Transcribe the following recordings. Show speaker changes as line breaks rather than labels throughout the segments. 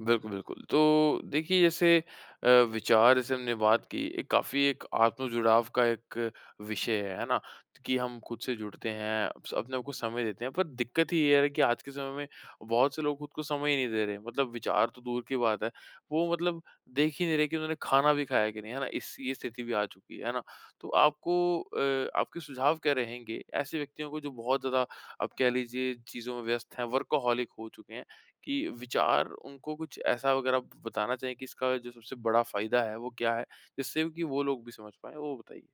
बिल्कुल, बिल्कुल, तो देखिए जैसे अ, विचार जैसे हमने बात की एक काफ़ी एक आत्म-जुड़ाव का एक विषय है, है ना? कि हम खुद से जुड़ते हैं स अपने आप को समय देते हैं पर दिक्कत ये है कि आज के समय में बहुत से लोग खुद को समय ही नहीं दे रहे हैं। मतलब विचार तो दूर की बात है, वो मतलब देख ही नहीं रहे हैं कि उन्होंने खाना भी खाया कि नहीं, है ना? इस ये स्थिति भी आ चुकी है, है ना? तो आपको अ, आपके सुझाव क्या रहेंगे ऐसे व्यक्तियों को जो बहुत ज़्यादा आप कह लीजिए चीज़ों में व्यस्त हैं वर्कहॉलिक हो चुके हैं कि विचार उनको कुछ ऐसा वग़ैरह बताना चाहिए कि इसका जो सबसे बड़ा फ़ायदा है वो क्या है? जिससे कि वो लोग भी समझ पाएँ, वो बताइए?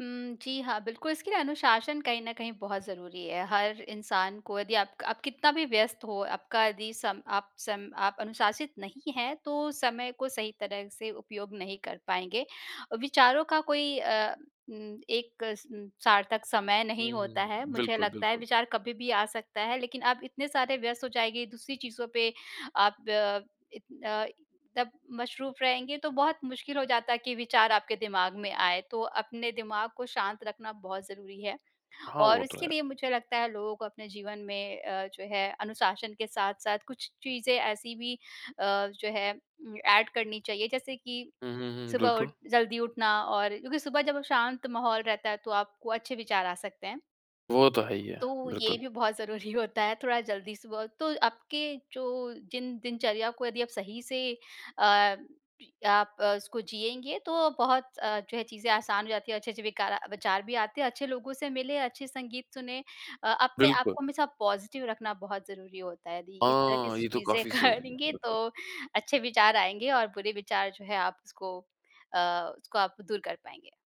उम, जी हाँ, बिल्कुल, इसके लिए अनुशासन कहीं न कहीं बहुत ज़रूरी है हर इंसान को यदि आप क आप कितना भी व्यस्त हो आपका यदि सम आप सम आप अनुशासित नहीं हैं तो समय को सही तरह से उपयोग नहीं कर पाएँगे। अ, विचारों का कोई अ, उम, एक उम, सार्थक समय
हुँ,
नहीं होता
हुँ।
है मुझे
बिल्कुल,
लगता है
बिल्कुल।
विचार कभी भी आ सकता है लेकिन आप इतने सारे व्यस्त हो जाएँगे दूसरी चीज़ों पे आप अ, इ अ, तब मशरूफ़ रहेंगे तो बहुत मुश्किल हो जाता है कि विचार आपके दिमाग में आए तो अपने दिमाग को शांत रखना बहुत ज़रूरी है।
हाँ, वो
और
तो
इसके
है।
लिए मुझे लगता है लोगों को अपने जीवन में अ, जो है अनुशासन के साथ-साथ कुछ चीज़ें ऐसी भी अ, जो है उम, एड करनी चाहिए जैसे कि
हुँ, हुँ, हुँ।
सुबह उठ
बिल्कुल।
जल्दी उठना और क्योंकि सुबह जब शांत माहौल रहता है तो आपको अच्छे विचार आ सकते हैं।
वो तो है ही है,
तो ये
बिल्कुल।
भी बहुत ज़रूरी होता है थोड़ा जल्दी सुबह तो आपके जो जिन दिनचर्या को यदि आप सही से अ, आप अ, उसको जियेंगे तो बहुत अ, जो है चीज़ें आसान हो जाती है अच्छे-अच्छे विकार अ, विचार भी आते हैं अच्छे लोगों से मिले अच्छे संगीत सुने। अ, अपने आप
बिल्कुल।
को हमेशा पॉज़िटिव रखना बहुत ज़रूरी होता है यदि इस तरह
हाँ,
से
ये तो
चीज़ें
काफ़ी ज़रूरी है,
करेंगे तो
बिल्कुल।
अच्छे विचार आएँगे और बुरे विचार जो है आप उसको अ, उसको आप दूर कर पाएँगे।